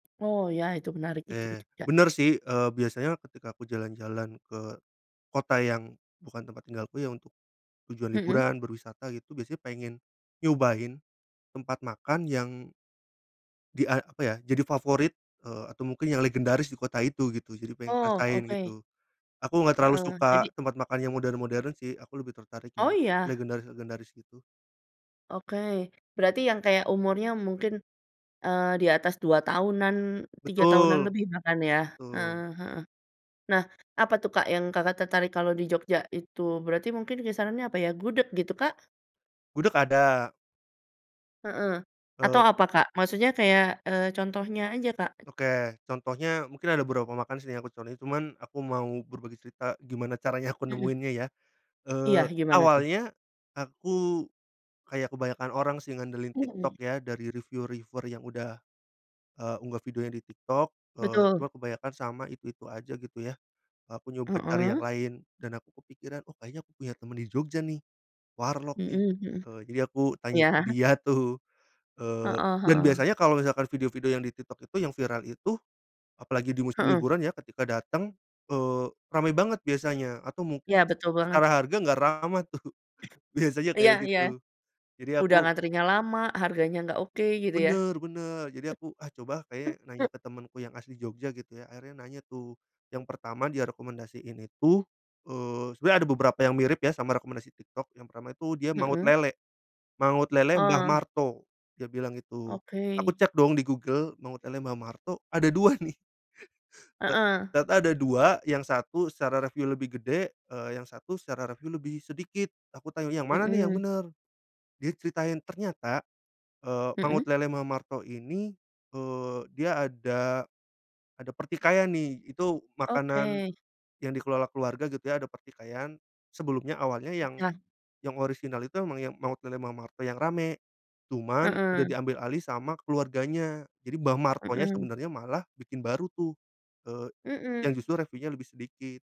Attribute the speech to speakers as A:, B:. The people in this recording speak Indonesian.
A: Oh, ya itu menarik itu ke
B: Eee,
A: Jogja.
B: bener sih, eee, biasanya ketika aku jalan-jalan ke kota yang bukan tempat tinggalku, ya, untuk tujuan
A: Mhm.
B: liburan, berwisata gitu, biasanya pengen nyobain tempat makan yang Di a apa ya, jadi favorit, eee, atau mungkin yang legendaris di kota itu gitu, jadi pengen
A: Oh,
B: ngerasain
A: oke.
B: gitu. Aku gak terlalu
A: Heeh,
B: suka
A: jadi
B: tempat makan yang modern-modern sih, aku lebih tertarik
A: Oh,
B: yang
A: iya?
B: legendaris-legendaris gitu.
A: Oke. Berarti yang kayak umurnya mungkin, eee, di atas 2 tahunan, 3 tahunan
B: Betul.
A: lebih bahkan ya, eee,
B: Betul.
A: heeh. Nah, apa tuh, Kak, yang Kakak tertarik kalau di Jogja itu berarti mungkin kisaran apa ya, gudeg gitu, Kak?
B: Gudeg ada.
A: Heeh. Atau
B: Eee.
A: apa, Kak? Maksudnya kayak, eee, contohnya aja, Kak.
B: Oke, contohnya mungkin ada beberapa makan sini yang aku contohin cuman aku mau berbagi cerita gimana caranya aku
A: Mhm.
B: nemuinnya ya.
A: Iya,
B: Eee,
A: gimana tuh?
B: awalnya aku kayak kebanyakan orang sih, ngandelin
A: Mhm.
B: TikTok ya dari reviu reviewer yang udah, eee, unggah videonya di TikTok, eee, cuma
A: Betul.
B: kebanyakan sama itu-itu aja gitu ya, aku nyoba cari yang
A: Heeh.
B: lain dan aku kepikiran, oh kayaknya aku punya temen di Jogja nih, warlok nih.
A: Mhm mhm.
B: Eee, jadi aku tanya
A: Iya.
B: ke dia tuh, eee,
A: Heeh
B: dan
A: heeh.
B: biasanya kalau misalkan video-video yang di TikTok itu yang viral itu, apalagi di musim
A: Heeh.
B: liburan ya ketika dateng, eee, rame banget biasanya, atau mungkin
A: Iya, betul banget.
B: secara harga gak ramah tuh, biasanya
A: Iya
B: kayak
A: iya.
B: gitu. Jadi
A: Udah
B: aku
A: ngantrinya lama, harganya gak oke gitu ya.
B: Bener bener. Jadi aku, ah, coba kayaknya
A: M
B: nanya ke temenku yang asli Jogja gitu ya, akhirnya nanya tuh. Yang pertama dia rekomendasiin itu, eee, sebenernya ada beberapa yang mirip ya sama rekomendasi TikTok, yang pertama itu dia Mangut
A: Mhm.
B: Lele. Mangut Lele Mbah
A: Oh.
B: Marto, dia bilang itu. Aku
A: Oke.
B: cek dong di Google, Mangut Lele Mbah Marto ada 2 nih. Ek
A: Heeh.
B: tata ada 2, yang satu secara reviu lebih gede, eee, yang satu secara reviu lebih sedikit, aku tanya, "Yang mana nih yang
A: Mhm.
B: bener?" Dia ceritain, ternyata, eee, Mangut
A: Mhm?
B: Lele Mbah Marto ini, eee, dia ada ada pertikaian nih. Itu makanan
A: Oke.
B: yang dikelola keluarga gitu ya, ada pertikaian. Sebelumnya awalnya
A: M
B: yang
A: ah.
B: yang orisinal itu emang yang Mangut Lele Mbah Marto yang rame. Cuman udah
A: Heeh.
B: diambil alih sama keluarganya. Jadi Mbah Martonya
A: Mhm.
B: sebenarnya malah bikin baru tuh, eee, yang
A: Mhm.
B: justru reviunya lebih sedikit.